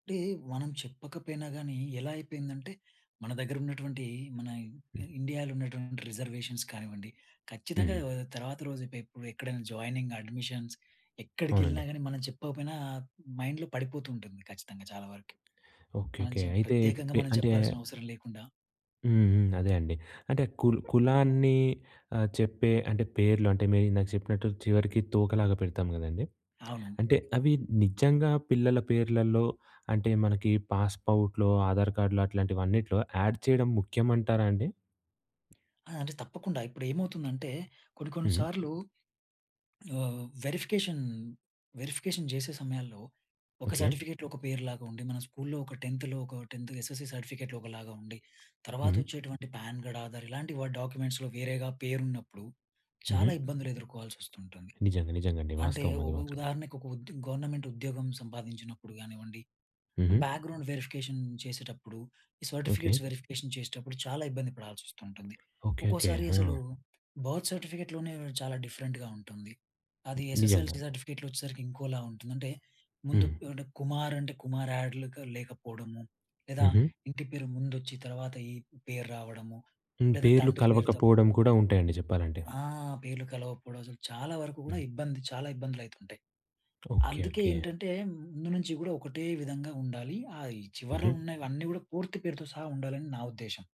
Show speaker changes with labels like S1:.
S1: అంటే మనం చెప్పకపోయినా గానీ ఎలా అయిపోయిందంటే మన దగ్గర ఉన్నటువంటి మన ఇ
S2: హ్మ్.
S1: ఇండియాలో ఉన్నటువంటి రిజర్వేషన్స్ కానివ్వండి, ఖచ్చితంగా
S2: హుహు.
S1: ఆహ్, తర్వాత రోజు ఎప్ ఎక్కడైనా జాయినింగ్ అడ్మిషన్స్
S2: అవునండి.
S1: ఎక్కడికెళ్ళినా గానీ, మనం చెప్పకపోయినా మైండ్‌లో పడిపోతూ ఉంటుంది ఖచ్చితంగా చాలా వరకి.
S2: ఓకే,
S1: మనం
S2: ఓకే.
S1: చంప్
S2: అయితే ఈ
S1: ప్రత్యేకంగా
S2: పె
S1: మనం
S2: అంటే
S1: చెప్పాల్సిన అవసరం లేకుండా
S2: హ్మ్ హ్మ్. అదే అండి. అంటే కుల్ కులాన్ని ఆహ్, చెప్పే అంటే పేర్లు అంటే మీరు ఇందాక చెప్పినట్టు చివరికి తోకలాగా పెడతాం గదండీ.
S1: అవును.
S2: అంటే అవి నిజంగా పిల్లల పేర్లలో అంటే మనకి పాస్‌పౌర్ట్‌లో ఆధార్ కార్డులో అట్లాంటివన్నిట్లో ఆడ్ చేయడం ముఖ్యం అంటారా అండి?
S1: ఆ! అంటే తప్పకుండా ఇప్పుడేంమవుతుందంటే కొన్ని కొన్ని
S2: హుహు.
S1: సార్లు ఆహ్, వెరిఫికేషన్ వెరిఫికేషన్ జేసే సమయాల్లో ఒక
S2: ఓకే.
S1: సర్టిఫికేట్‌లో ఒక పేరు లాగుండి. మన స్కూలులో ఒక 10త్ లో ఒక 10త్ ఎస్ఎస్‌సీ సర్టిఫికేట్‌లో ఒకలాగుండి. తర్వాత
S2: హుహు.
S1: వచ్చేటువంటి పాన్ కార్డ్ ఆధార్ ఇలాంటి డాక్యుమెంట్స్‌లో వేరేగా పేరున్నప్పుడు
S2: హుహు.
S1: చాలా ఇబ్బందులు ఎదుర్కోవాల్సొస్తుంటుంది.
S2: నిజంగా నిజంగా అండి.
S1: అంటే
S2: వాస్తవం
S1: ఉ
S2: అది మాత్రం.
S1: ఉదాహరణకు ఒక ఉద్ గవర్నమెంట్ ఉద్యోగం సంపాదించినప్పుడు గానివ్వండి,
S2: హుహు.
S1: బ్యాక్‌గ్రౌండ్ వెరిఫికేషన్ చేసేటప్పుడు, ఈ
S2: ఓకే.
S1: సర్టిఫికేట్స్ వెరిఫికేషన్ చేసేటప్పుడు చాలా ఇబ్బంది పడాల్సొస్తూంటుంది.
S2: Okay, okay.
S1: ఒక్కోసారి
S2: ఆ!
S1: అసలు బర్త్ సర్టిఫికేట్‌లోనే చాలా డిఫరెంట్‌గా ఉంటుంది. అది ఎస్ఎస్ఎల్
S2: నిజంగా.
S1: సర్టిఫికేట్‌లో వచ్చేసరికి ఇంకోలా ఉంటుంది. అంటే ముందు
S2: హ్మ్.
S1: అంటే కుమార్ అంటే కుమార్ యాడ్‌లకు లేకపోవడము లేదా
S2: హుహు.
S1: ఇంటి పేరు ముందొచ్చి, తర్వాత ఈ పేరు రావడము
S2: హ్మ్.
S1: లేదా
S2: పేర్లు
S1: తండ్రి పేరు తప్పు.
S2: కలవకపోవడం కూడా ఉంటాయండి జెప్పాలంటే.
S1: ఆ! పేర్లు కలవకపోవడం. అసలు చాలా వరకు కూడా
S2: హ్మ్.
S1: ఇబ్బంది. చాలా ఇబ్బందులయితుంటాయి.
S2: ఓకే,
S1: అందుకే
S2: ఓకే.
S1: ఏంటంటే ముందు నుంచి కూడా ఒకటే విధంగా ఉండాలి. ఆ చివరలో
S2: హుహు.
S1: ఉన్నవన్నీ కూడా పూర్తి పేరుతో సహా ఉండాలని నా ఉద్దేశ్యం.